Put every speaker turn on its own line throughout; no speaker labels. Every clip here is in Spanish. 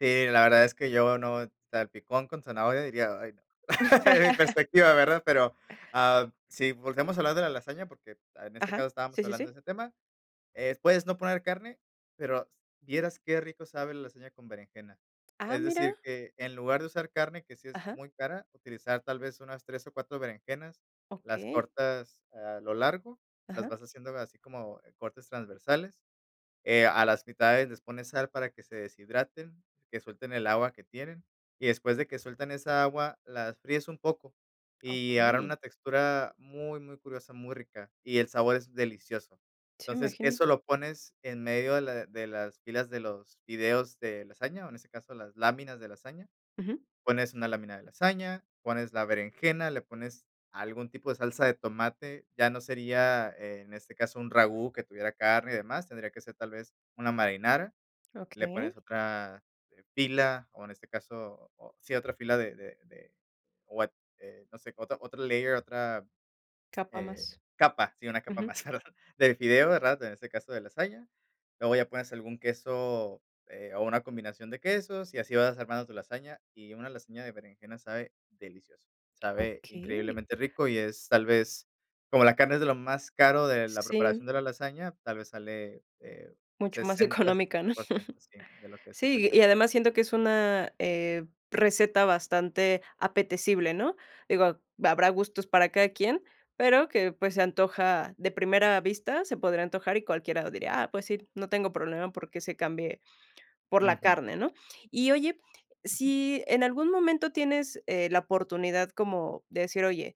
Sí, la verdad es que yo no, salpicón con zanahoria diría: "Ay, no." Desde mi perspectiva, ¿verdad? Pero, ah, si volvemos a hablar de la lasaña, porque en este
Ajá.
caso
Sí,
estábamos
sí,
hablando de
sí.
ese tema, eh, puedes no poner carne, pero vieras qué rico sabe la lasaña con berenjena.
Ah,
Es
mira.
decir, que en lugar de usar carne, que sí es
Ajá.
muy cara, utilizar tal vez unas 3 o 4 berenjenas. Las
Okey.
cortas a lo largo, las
Ajá.
vas haciendo así como, eh, cortes transversales. Eh, a las mitades les pones sal para que se deshidraten, que suelten el agua que tienen, y después de que sueltan esa agua las fríes un poco, y agarran
Okey.
una textura muy, muy curiosa, muy rica, y el sabor es delicioso.
Sí, me
Entonces,
imagino.
eso lo pones en medio de la de las filas de los fideos de lasaña, o, en este caso, las láminas de lasaña.
Ujú.
Pones una lámina de lasaña, pones la berenjena, le pones algún tipo de salsa de tomate, ya no sería en este caso un ragú que tuviera carne y demás, tendría que ser tal vez una marinara, le
Okey.
pones otra, eh, pila, o, en este caso, o sí otra fila de de de, o a eh, no sé, otra otra layer, eh, otra
Capa más.
capa, sí, una capa
Ujú.
más, ¿verdad? De fideos, ¿verdad? En este caso de lasaña. Luego ya pones algún queso, eh, o una combinación de quesos, y así vas armando tu lasaña, y una lasaña de berenjena sabe delicioso. Sabe
Okey.
increíblemente rico y es tal vez, como la carne, es de lo más caro de la
Sí.
preparación de la lasaña, tal vez sale, eh,
Mucho más
60,
económica,
setenta
¿no?
por ciento, sí, de lo que es el
Sí,
precio
y
real.
además siento que es una, eh, receta bastante apetecible, ¿no? Digo, habrá gustos para cada quien, pero que, pues, se antoja de primera vista, se podría antojar y cualquiera diría: "Ah, pues sí, no tengo problema porque se cambie por la
Ujú.
carne", ¿no? Y oye,
Ujú.
si en algún momento tienes, eh, la oportunidad como de decir: "Oye,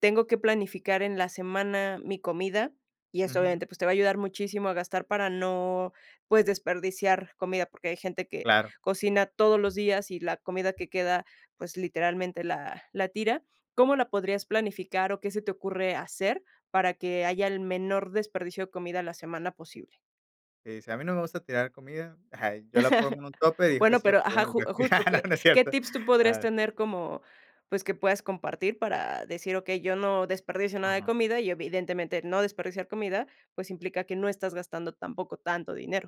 tengo que planificar en la semana mi comida", y eso,
Ujú.
obviamente, pues, te va a ayudar muchísimo a gastar para no, pues, desperdiciar comida, porque hay gente que
Claro.
cocina todos los días y la comida que queda, pues, literalmente, la la tira. ¿Cómo la
Sí.
podrías planificar o qué se te ocurre hacer para que haya el menor desperdicio de comida a la semana posible?
Qué dice: "A mí no me gusta tirar comida, ajá, yo la pongo en un tupper, y dejo que
Bueno,
se me
pero,
pierda
ajá,
en el
ju
refri",
justo, ¿qué
no no es
qué
cierto.
tips tú podrías
Ah.
tener como, pues, que puedas compartir para decir: "Okey, yo no desperdicio nada de
Ujú.
comida" Y, evidentemente, no desperdiciar comida, pues, implica que no estás gastando tampoco tanto dinero.